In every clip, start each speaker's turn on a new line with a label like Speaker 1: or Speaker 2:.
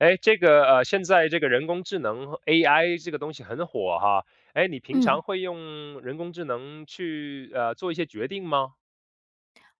Speaker 1: 诶，这个呃，现在这个人工智能 AI 这个东西很火哈。诶，你平
Speaker 2: 嗯。
Speaker 1: 常会用人工智能去，呃，做一些决定吗？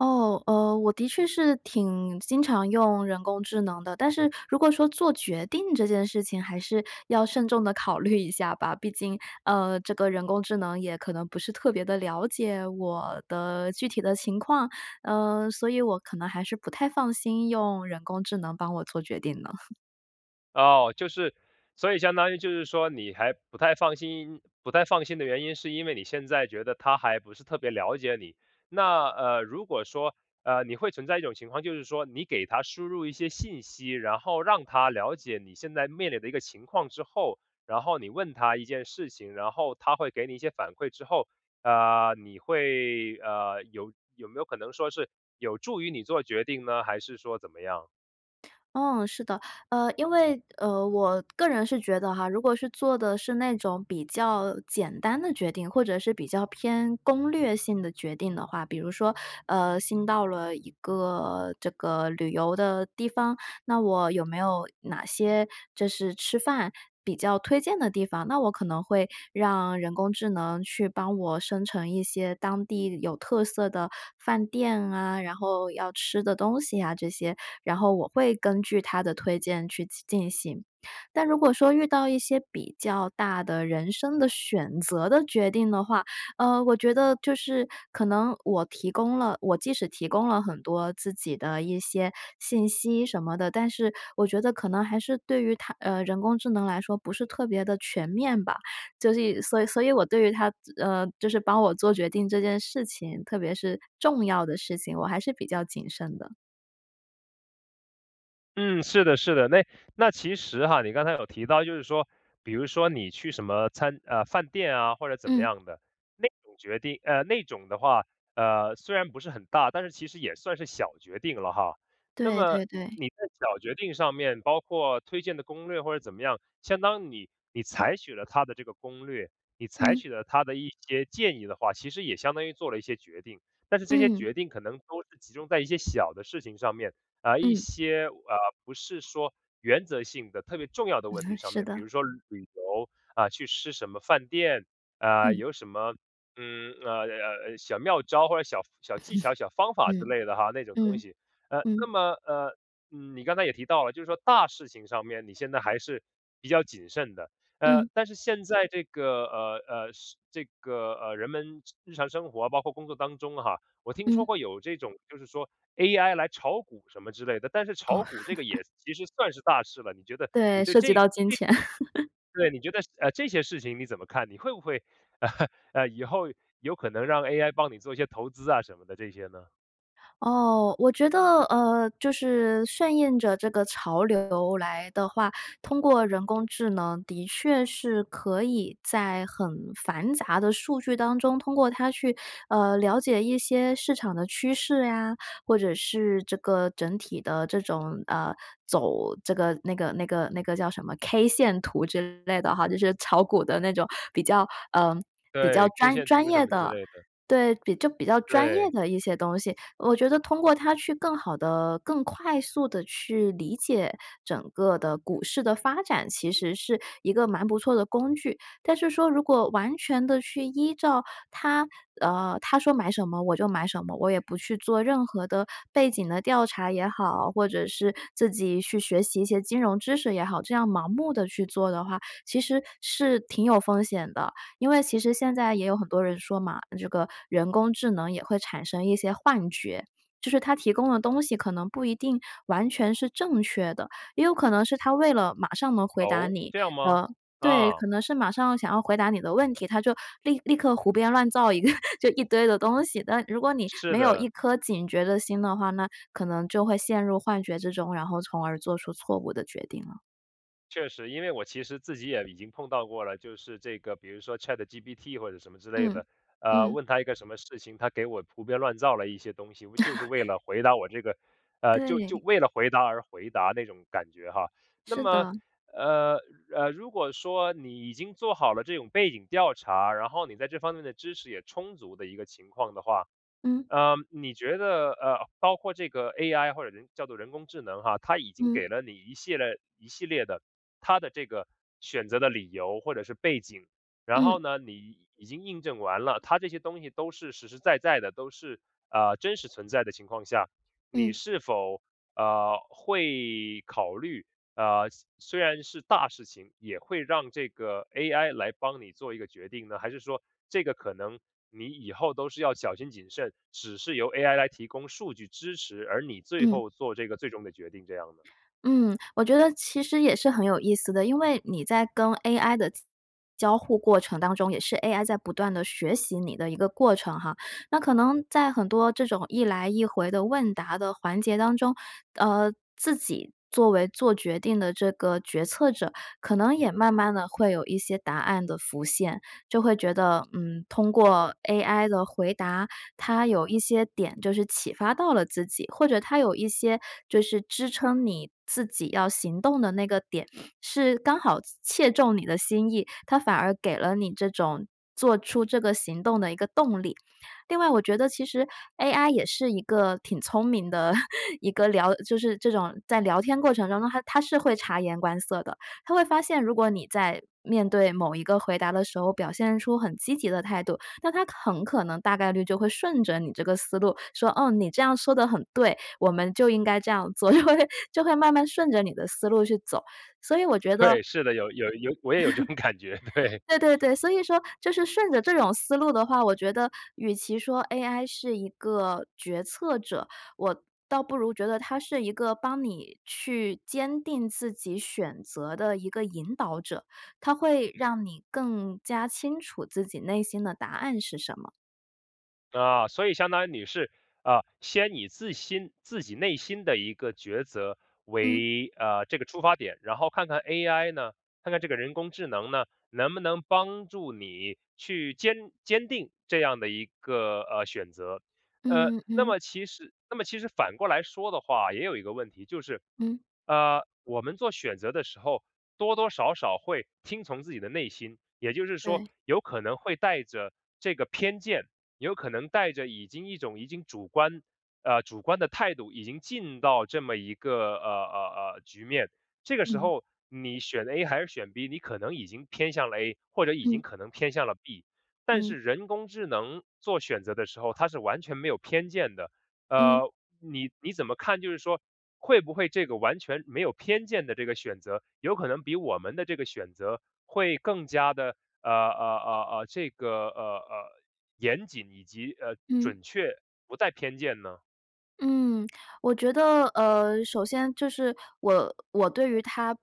Speaker 2: 哦，呃，我的确是挺经常用人工智能的。但是如果说做决定这件事情还是要慎重地考虑一下吧。毕竟，呃，这个人工智能也可能不是特别地了解，我的具体的情况。呃，所以我可能还是不太放心用人工智能帮我做决定呢。
Speaker 1: 哦，就是所以相当于就是说你还不太放心，不太放心的原因是因为你现在觉得它还不是特别了解你。那，呃，如果说呃，你会存在一种情况，就是说你给它输入一些信息，然后让它了解你现在面临的一个情况之后，然后你问它一件事情，然后它会给你一些反馈之后，呃，你会呃，有有没有可能说是有助于你做决定呢？还是说怎么样？
Speaker 2: 嗯，是的。呃，因为，呃，我个人是觉得哈，如果是做的是那种比较简单的决定，或者是比较偏攻略性的决定的话，比如说，呃，新到了一个这个旅游的地方，那我有没有哪些就是吃饭比较推荐的地方？那我可能会让人工智能去帮我生成一些当地有特色的饭店啊，然后要吃的东西啊这些，然后我会根据它的推荐去进行。但如果说遇到一些比较大的人生的选择的决定的话，呃，我觉得就是可能我提供了我即使提供了很多自己的一些信息什么的，但是我觉得可能还是对于它呃，人工智能来说不是特别地全面吧。就是所以所以我对于它呃，就是帮我做决定这件事情，特别是重要的事情，我还是比较谨慎的。
Speaker 1: 嗯，是的是的。那那其实哈，你刚才有提到就是说，比如说你去什么餐呃，饭店啊，或者怎么
Speaker 2: 嗯。
Speaker 1: 样的。那种决定呃，那种的话，呃，虽然不是很大，但是其实也算是小决定了哈。那
Speaker 2: 对
Speaker 1: 么
Speaker 2: 对对。
Speaker 1: 你在小决定上面，包括推荐的攻略或者怎么样，相当你你采取了他的这个攻略，你采
Speaker 2: 嗯。
Speaker 1: 取了他的一些建议的话，其实也相当于做了一些决定。但是这些
Speaker 2: 嗯。
Speaker 1: 决定可能都是集中在一些小的事情上面，呃，一
Speaker 2: 嗯。
Speaker 1: 些，呃，不是说原则性的特别重要的问
Speaker 2: 嗯
Speaker 1: 题上
Speaker 2: 是
Speaker 1: 面，比
Speaker 2: 的。
Speaker 1: 如说旅游，啊，去吃什么饭店，啊，
Speaker 2: 嗯。
Speaker 1: 有什么，嗯，呃，呃，小妙招或者小小技巧、小 方法之
Speaker 2: 嗯，
Speaker 1: 类的哈，那种东
Speaker 2: 嗯，
Speaker 1: 西。呃，那
Speaker 2: 嗯。
Speaker 1: 么，呃，你刚才也提到了，就是说大事情上面你现在还是比较谨慎的。呃，
Speaker 2: 嗯。
Speaker 1: 但是现在这个，呃，呃，是这个，呃，人们日日常生活，包括工作当中哈，我听说
Speaker 2: 嗯。
Speaker 1: 过有这种就是说 AI 来炒股什么之类的，但是炒
Speaker 2: 哦。
Speaker 1: 股这个也 其实算是大事了，你觉得你
Speaker 2: 对，
Speaker 1: 对
Speaker 2: 涉及
Speaker 1: 这这
Speaker 2: 到金钱。
Speaker 1: 对，你觉得，呃，这些事情你怎么看，你会不会 呃，以后有可能让 AI 帮你做一些投资啊什么的这些呢？
Speaker 2: 哦，我觉得呃，就是顺应着这个潮流来的话，通过人工智能的确是可以在很繁杂的数据当中，通过它去呃，了解一些市场的趋势呀，或者是这个整体的这种呃，走这个那个那个那个叫什么 K 线图之类的哈，就是炒股的那种比较呃，比较
Speaker 1: 对，K
Speaker 2: 专
Speaker 1: 线
Speaker 2: 专
Speaker 1: 图什
Speaker 2: 业
Speaker 1: 么之
Speaker 2: 的。
Speaker 1: 类的。
Speaker 2: 对，就比较专业
Speaker 1: 对。
Speaker 2: 的一些东西。我觉得通过它去更好地、更快速地去理解整个的股市的发展，其实是一个蛮不错的工具。但是说如果完全地去依照它呃，它说买什么我就买什么，我也不去做任何的背景的调查也好，或者是自己去学习一些金融知识也好，这样盲目地去做的话，其实是挺有风险的。因为其实现在也有很多人说嘛，这个人工智能也会产生一些幻觉，就是它提供的东西可能不一定完全是正确的，也有可能是它为了马上能回答
Speaker 1: 哦，
Speaker 2: 你，
Speaker 1: 这样吗？
Speaker 2: 呃对，
Speaker 1: 啊。
Speaker 2: 可能是马上想要回答你的问题，它就立立刻胡编乱造一个就一堆的东西，但如果你
Speaker 1: 是
Speaker 2: 没有
Speaker 1: 的。
Speaker 2: 一颗警觉的心的话，那可能就会陷入幻觉之中，然后从而做出错误的决定了。
Speaker 1: 确实，因为我其实自己也已经碰到过了，就是这个比如说 ChatGPT 或者什么之类
Speaker 2: 嗯，
Speaker 1: 的，呃，
Speaker 2: 嗯。
Speaker 1: 问它一个什么事情，它给我胡编乱造了一些东西，就是为 了回答我这个呃，就就
Speaker 2: 对。
Speaker 1: 为了回答而回答那种感觉哈。那
Speaker 2: 是
Speaker 1: 么，
Speaker 2: 的。
Speaker 1: 呃，呃，如果说你已经做好了这种背景调查，然后你在这方面的知识也充足的一个情况的话。
Speaker 2: 嗯。
Speaker 1: 呃，你觉得，呃，包括这个 AI 或者人叫做“人工智能”啊，它已经
Speaker 2: 嗯。
Speaker 1: 给了你一系列一系列的，它的这个选择的理由或者是背景。然
Speaker 2: 嗯。
Speaker 1: 后呢，你已经印证完了，它这些东西都是实实在在的，都是，啊，真实存在的情况下。你
Speaker 2: 嗯。
Speaker 1: 是否，呃，会考虑，呃，虽虽然是大事情，也会让这个 AI 来帮你做一个决定呢？还是说这个可能你以后都是要小心谨慎，只是由 AI 来提供数据支持，而你最
Speaker 2: 嗯。
Speaker 1: 后做这个最终的决定这样呢？
Speaker 2: 嗯，我觉得其实也是很有意思的。因为你在跟 AI 的交交互过程当中，也是 AI 在不断地学习你的一个过程哈。那可能在很多这种一来一回的问答的环节当中，呃，自己作为做决定的这个决策者，可能也慢慢地会有一些答案的浮现，就会觉得，嗯，通过 AI 的回答，它有一些点就是启发到了自己，或者它有一些就是支撑你自己要行动的那个点，是刚好切中你的心意，它反而给了你这种，做出这个行动的一个动力。另外我觉得其实 AI 也是一个挺聪明的 一个聊就是这种在聊天过程当中，它它是会察言观色的，它会发现，如果你在面对某一个回答的时候，表现出很积极的态度，那它很可能大概率就会顺着你这个思路说：“哦，你这样说得很对，我们就应该这样做。”就会就会慢慢顺着你的思路去走，所以我觉得
Speaker 1: 对，是的。有有有我也有这种感觉，对。
Speaker 2: 对，对，对，所以说就是顺着这种思路的话，我觉得与其说 AI 是一个决策者，我倒不如觉得它是一个帮你去坚定自己选择的一个引导者。它会让你更加清楚自己内心的答案是什么。
Speaker 1: 啊，所以相当于你是，呃，先以自心自己内心的一个抉择
Speaker 2: 嗯。
Speaker 1: 为，呃，这个出发点，然后看看 AI 呢，看看这个人工智能呢，能不能帮助你去坚坚定这样的一个，呃，选择。呃，
Speaker 2: 嗯嗯
Speaker 1: 那
Speaker 2: 嗯。
Speaker 1: 么其实那么其实反过来说的话，也有一个问题就是，
Speaker 2: 嗯。
Speaker 1: 呃，我们做选择的时候，多多少少会听从自己的内心，也就是说，
Speaker 2: 对。
Speaker 1: 有可能会带着这个偏见，有可能带着已经一种已经主观，呃，主观的态度，已经进到这么一个呃呃呃，局面。这个时
Speaker 2: 嗯。
Speaker 1: 候你选 A 还是选 B，你可能已经偏向了 A，或者已
Speaker 2: 嗯。
Speaker 1: 经可能偏向了 B。但
Speaker 2: 嗯。
Speaker 1: 是人工智能做选择的时候，它是完全没有偏见的。
Speaker 2: 嗯。
Speaker 1: 呃，你你怎么看，就是说会不会这个完全没有偏见的这个选择，有可能比我们的这个选择会更加地呃呃呃呃，这个呃呃，严谨以及，呃，
Speaker 2: 嗯。
Speaker 1: 准确不带偏见呢？
Speaker 2: 嗯，我觉得，呃，首先就是，我我对于它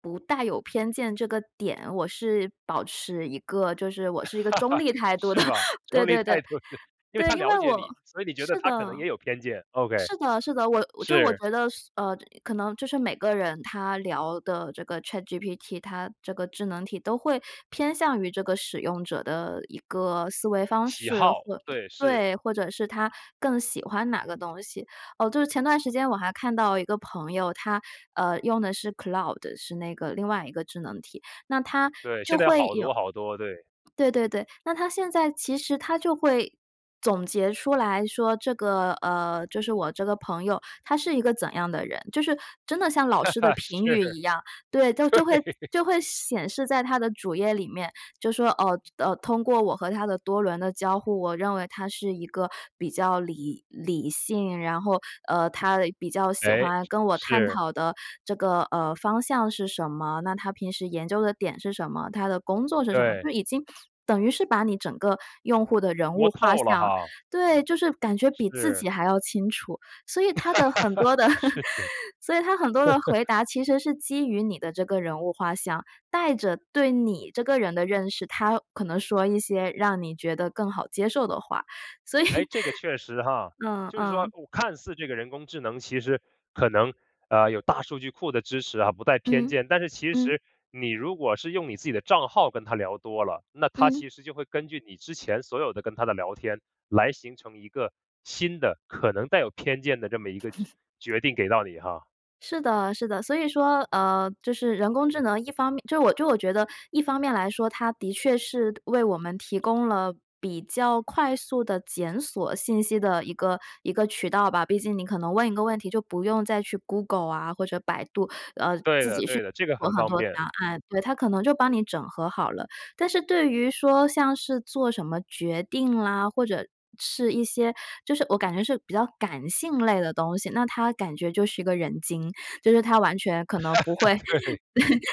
Speaker 2: 不带有偏见这个点，我是保持一个，就是我是 一个中立态度
Speaker 1: 是
Speaker 2: 的，
Speaker 1: 吧，
Speaker 2: 对
Speaker 1: 中立
Speaker 2: 对对。
Speaker 1: 态度的。因为
Speaker 2: 对，
Speaker 1: 它
Speaker 2: 因
Speaker 1: 了
Speaker 2: 为
Speaker 1: 解
Speaker 2: 我
Speaker 1: 你，所以你觉得
Speaker 2: 是
Speaker 1: 它可能
Speaker 2: 的。
Speaker 1: 也有偏见，OK，
Speaker 2: 是的，是的，我就我
Speaker 1: 是。
Speaker 2: 觉得是，呃，可能就是每个人他聊的这个 ChatGPT，它这个智能体都会偏向于这个使用者的一个思维方
Speaker 1: 喜
Speaker 2: 式。
Speaker 1: 好，
Speaker 2: 或
Speaker 1: 对，是。
Speaker 2: 对，或者是它更喜欢哪个东西，哦，就是前段时间我还看到一个朋友，他，呃，用的是 Claude，是那个另外一个智能体，那它就
Speaker 1: 对，
Speaker 2: 会
Speaker 1: 现在好多好多，对。
Speaker 2: 有对对对，那它现在其实它就会总结出来说，这个，呃，就是我这个朋友，他是一个怎样的人，就是真的像老师的
Speaker 1: 是。
Speaker 2: 评语一
Speaker 1: 对。
Speaker 2: 样。对，就会就会显示在它的主页里面，就说：“哦，就哦，通过我和他的多轮的交互，我认为他是一个比较理理性，然后，呃，他比较喜
Speaker 1: 哎，
Speaker 2: 欢跟我探
Speaker 1: 是。
Speaker 2: 讨的这个，呃，方向是什么？那他平时研究的点是什么？他的工作是什么？”
Speaker 1: 对。
Speaker 2: 就已经等于是把你整个用户的人
Speaker 1: 摸
Speaker 2: 物画
Speaker 1: 透了
Speaker 2: 像
Speaker 1: 哈。
Speaker 2: 对，就是感觉比自
Speaker 1: 是。
Speaker 2: 己还要清楚。所以它的很多 的
Speaker 1: 是的。
Speaker 2: 所以它很多的 回答其实是基于你的这个人物画像，带着对你这个人的认识，它可能说一些让你觉得更好接受的话，所以，
Speaker 1: 哎，这个确实哈。
Speaker 2: 嗯
Speaker 1: 就是说
Speaker 2: 嗯。
Speaker 1: 看似这个人工智能其实可能，呃，有大数据库的支持啊，不带偏
Speaker 2: 嗯，
Speaker 1: 见，但是其
Speaker 2: 嗯。
Speaker 1: 实你如果是用你自己的账号跟它聊多了，那它
Speaker 2: 嗯。
Speaker 1: 其实就会根据你之前所有的跟它的聊天来形成一个新的可能带有偏见的这么一个决决 定给到你哈。
Speaker 2: 是的，是的。所以说，呃，就是人工智能，一方面就我就我觉得一方面来说，它的确是为我们提供了比较快速地检索信息的一个一个渠道吧。毕竟你可能问一个问题就不用再去 Google 啊，或者百度，呃，自己
Speaker 1: 对的，对的。这个
Speaker 2: 去做
Speaker 1: 很
Speaker 2: 很
Speaker 1: 方
Speaker 2: 多
Speaker 1: 便。
Speaker 2: 答案，对，它可能就帮你整合好了。但是对于说像是做什么决定啦，或者是一些就是我感觉是比较感性类的东西，那它感觉就是一个人精，就是它完全可能不会，对，
Speaker 1: 对。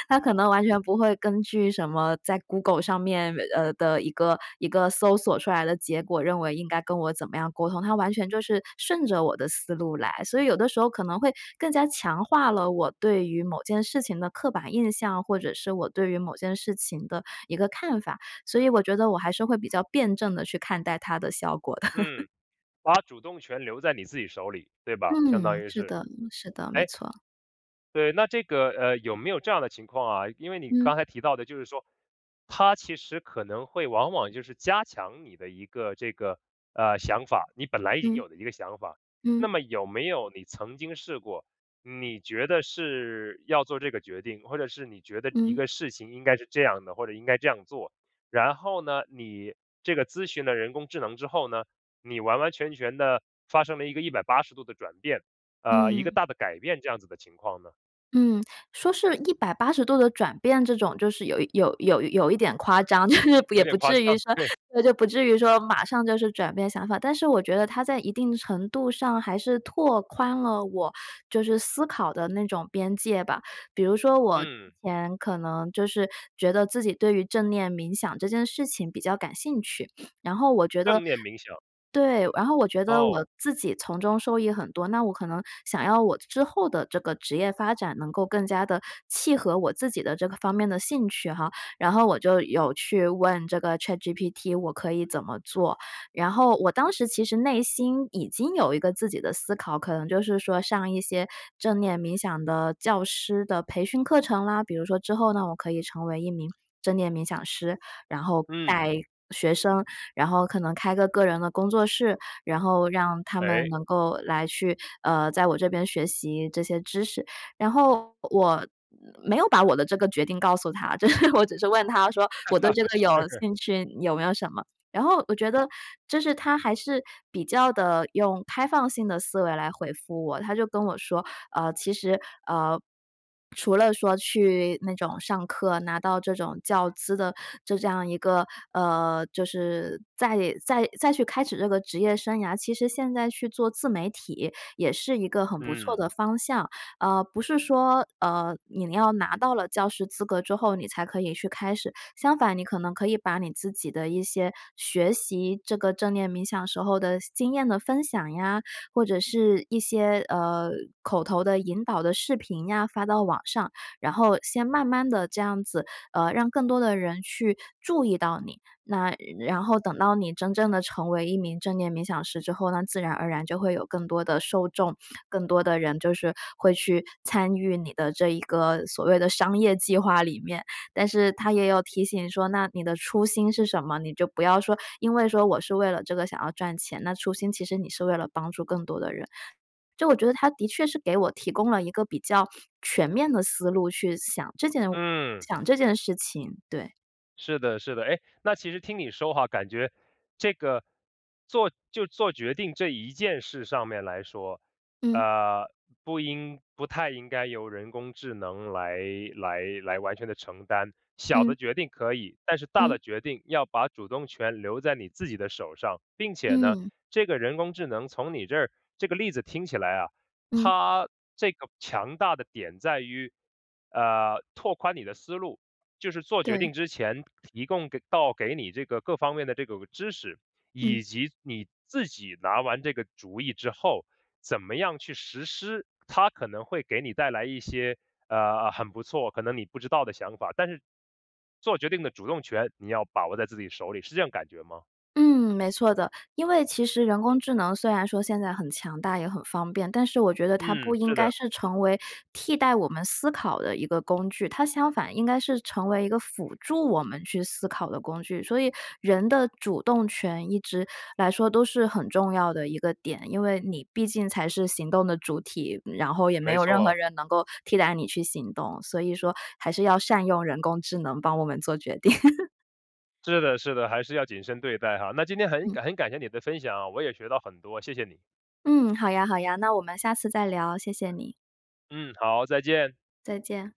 Speaker 2: 它可能完全不会根据什么在 Google 上面呃，的一个一个搜索出来的结果，认为应该跟我怎么样沟通，它完全就是顺着我的思路来。所以有的时候可能会更加强化了我对于某件事情的刻板印象，或者是我对于某件事情的一个看法，所以我觉得我还是会比较辩证地去看待它的效果的。
Speaker 1: 嗯，把主动权留在你自己手里，对吧，相当
Speaker 2: 嗯，
Speaker 1: 于
Speaker 2: 是
Speaker 1: 是。
Speaker 2: 的，是的，没
Speaker 1: 诶
Speaker 2: 错。
Speaker 1: 对，那这个，呃，有没有这样的情况啊，因为你
Speaker 2: 嗯。
Speaker 1: 刚才提到的就是说，它其实可能会往往就是加强你的一个这个，呃，想法，你本来已经
Speaker 2: 嗯。
Speaker 1: 有的一个想法。
Speaker 2: 嗯。
Speaker 1: 那么有没有你曾经试过，你觉得是要做这个决定，或者是你觉得一
Speaker 2: 嗯。
Speaker 1: 个事情应该是这样的，或者应该这样做。然后呢，你这个咨询了人工智能之后呢，你完完全全地发生了一个180度的转变，呃，一个
Speaker 2: 嗯。
Speaker 1: 大的改变这样子的情况呢？
Speaker 2: 嗯，说是180度的转变这种就是有有有有一点夸张，就是也
Speaker 1: 有点
Speaker 2: 不
Speaker 1: 夸
Speaker 2: 至于
Speaker 1: 张，
Speaker 2: 说
Speaker 1: 对。
Speaker 2: 对，就不至于说马上就是转变想法。但是我觉得它在一定程度上还是拓宽了我就是思考的那种边界吧。比如说，我之
Speaker 1: 嗯。
Speaker 2: 前可能就是觉得自己对于正念冥想这件事情比较感兴趣，然后我觉得
Speaker 1: 正念冥想。
Speaker 2: 对，然后我觉得
Speaker 1: 哦。
Speaker 2: 我自己从中受益很多。那我可能想要我之后的这个职业发展能够更加地契合我自己的这个方面的兴趣哈，然后我就有去问这个 ChatGPT 我可以怎么做？然后我当时其实内心已经有一个自己的思考，可能就是说上一些正念冥想的教师的培训课程啦。比如说之后呢我可以成为1名正念冥想师，然后
Speaker 1: 嗯。
Speaker 2: 带学生，然后可能开个个人的工作室，然后让他们
Speaker 1: 诶。
Speaker 2: 能够来去，呃，在我这边学习这些知识。然后我没有把我的这个决定告诉它，就是我只是问它说我对这个有
Speaker 1: 是
Speaker 2: 兴趣，有没有什么然后我觉得就是它还是比较地，用开放性的思维来回复我，它就跟我说，呃，其实，呃，除了说去那种上课，拿到这种教资的，就这样一个呃，就是再再再去开始这个职业生涯，其实现在去做自媒体也是一个很不错
Speaker 1: 嗯。
Speaker 2: 的方向。呃，不是说，呃，你要拿到了教师资格之后，你才可以去开始，相反你可能可以把你自己的一些学习这个正念冥想时候的经验的分享呀，或者是一些，呃，口头的引导的视频呀，发到网上，然后先慢慢地这样子，呃，让更多的人去注意到你。那然后等到你真正地成为一名正念冥想师之后，那自然而然就会有更多的受众、更多的人就是会去参与你的这一个所谓的商业计划里面。但是它也有提醒说：“那你的初心是什么？”你就不要说因为说我是为了这个想要赚钱，那初心其实你是为了帮助更多的人。就我觉得它的确是给我提供了一个比较全面的思路去想这件
Speaker 1: 嗯。
Speaker 2: 想这件事情。对。
Speaker 1: 是的，是的。诶，那其实听你说哈，感觉这个做就做决定这一件事上面来说，
Speaker 2: 嗯。
Speaker 1: 呃，不应不太应该由人工智能来来来完全地承担，小
Speaker 2: 嗯。
Speaker 1: 的决定可以，但是大的
Speaker 2: 嗯。
Speaker 1: 决定要把主动权留在你自己的手上。并且呢，
Speaker 2: 嗯。
Speaker 1: 这个人工智能从你这儿，这个例子听起来啊，
Speaker 2: 嗯。
Speaker 1: 它这个强大的点在于，呃，拓宽你的思路，就是做决
Speaker 2: 对。
Speaker 1: 定之前提供给到给你这个各方面的这个知识，
Speaker 2: 嗯。
Speaker 1: 以及你自己拿完这个主意之后，怎么样去实施，他可能会给你带来一些，呃，很不错，可能你不知道的想法。但是，做决定的主动权，你要把握在自己手里，是这种感觉吗？
Speaker 2: 嗯，没错的。因为其实人工智能虽然说现在很强大，也很方便。但是我觉得它不
Speaker 1: 嗯，
Speaker 2: 应
Speaker 1: 是
Speaker 2: 该
Speaker 1: 的。
Speaker 2: 是成为替代我们思考的一个工具，它相反应该是成为一个辅助我们去思考的工具。所以，人的主动权一直来说都是很重要的一个点，因为你毕竟才是行动的主体，然后也没
Speaker 1: 没
Speaker 2: 有任何
Speaker 1: 错。
Speaker 2: 人能够替代你去行动。所以说还是要善用人工智能帮我们做决定。
Speaker 1: 是的是的，还是要谨慎对待哈。那今天很
Speaker 2: 嗯。
Speaker 1: 很感谢你的分享啊，我也学到很多，谢谢你。
Speaker 2: 嗯，好呀好呀，那我们下次再聊，谢谢你。
Speaker 1: 嗯，好，再见。
Speaker 2: 再见。